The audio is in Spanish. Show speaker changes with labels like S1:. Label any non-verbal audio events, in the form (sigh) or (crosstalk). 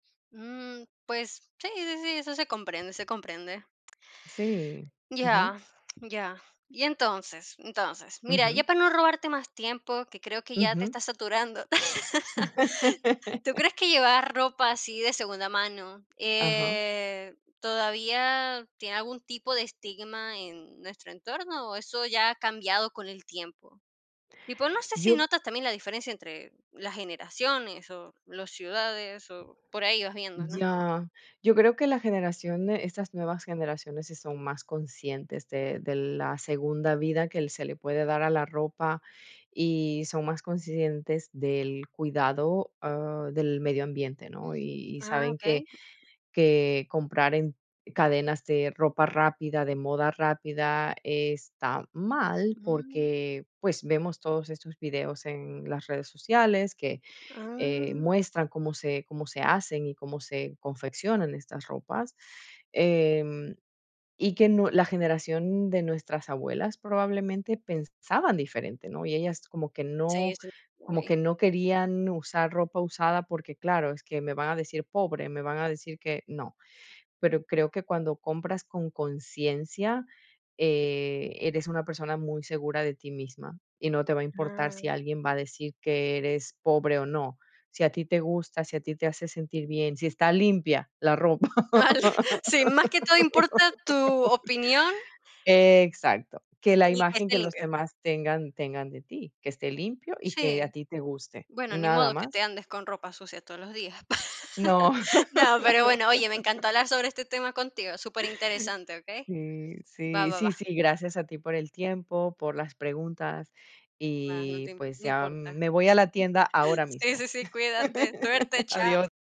S1: Mm, pues, sí, sí, sí, eso se comprende, se comprende.
S2: Sí. Ujú.
S1: Ya, ya. Y entonces, entonces, mira, ya
S2: Ujú.
S1: para no robarte más tiempo, que creo que ya te
S2: Ujú.
S1: estás saturando, (laughs) ¿tú
S2: (laughs)
S1: crees que llevar ropa así de segunda mano,
S2: Ajá.
S1: eh, todavía tiene algún tipo de estigma en nuestro entorno, o, eso ya ha cambiado con el tiempo? Y, pues, no sé si
S2: Yo
S1: notas también la diferencia entre las generaciones, o, los ciudades, o, por ahí vas viendo, ¿no?
S2: Ya. Yo creo que la generación estas nuevas generaciones sí son más conscientes de de la segunda vida que el se le puede dar a la ropa y son más conscientes del cuidado, ah, del medio ambiente, ¿no? Y y
S1: Ah,
S2: saben que
S1: okey.
S2: que comprar en cadenas de ropa rápida, de moda rápida está mal,
S1: Mm.
S2: porque, pues, vemos todos estos videos en las redes sociales que, eh,
S1: Ah.
S2: muestran cómo se cómo se hacen, y cómo se confeccionan estas ropas. Em, y que no la generación de nuestras abuelas probablemente pensaban diferente, ¿no? Y ellas como que
S1: Sí,
S2: no
S1: sí.
S2: como
S1: Uy.
S2: que no querían usar ropa usada, porque claro es que: "Me van a decir pobre, me van a decir que, no". Pero creo que cuando compras con conciencia, eh, eres una persona muy segura de ti misma, y no te va a importar si
S1: Ah.
S2: alguien va a decir que eres pobre o no, si a ti te gusta, si a ti te hace sentir bien, si está limpia la ropa.
S1: Al sí, más que todo importa tu opinión.
S2: (laughs) Exacto. Que la
S1: Sí, que
S2: imagen
S1: esté
S2: que los
S1: limpio.
S2: demás tengan tengan de ti, que esté limpio y que a
S1: Sí.
S2: ti te guste.
S1: Bueno, ni
S2: Nada
S1: modo que
S2: más.
S1: te andes con ropa sucia todos los días. (laughs)
S2: No.
S1: No, pero bueno, oye, me
S2: (laughs)
S1: encantó hablar sobre este tema contigo, superinteresante, ¿okey?
S2: Sí,
S1: Va,
S2: sí,
S1: va,
S2: sí,
S1: va.
S2: sí, gracias a ti por el tiempo, por las preguntas
S1: Va, no
S2: y,
S1: te im
S2: pues,
S1: no
S2: ya
S1: importa.
S2: me voy a la tienda
S1: (chuckles)
S2: ahora
S1: Sí,
S2: mismo.
S1: sí, sí, cuídate. Suerte,
S2: (laughs)
S1: chao.
S2: Adiós.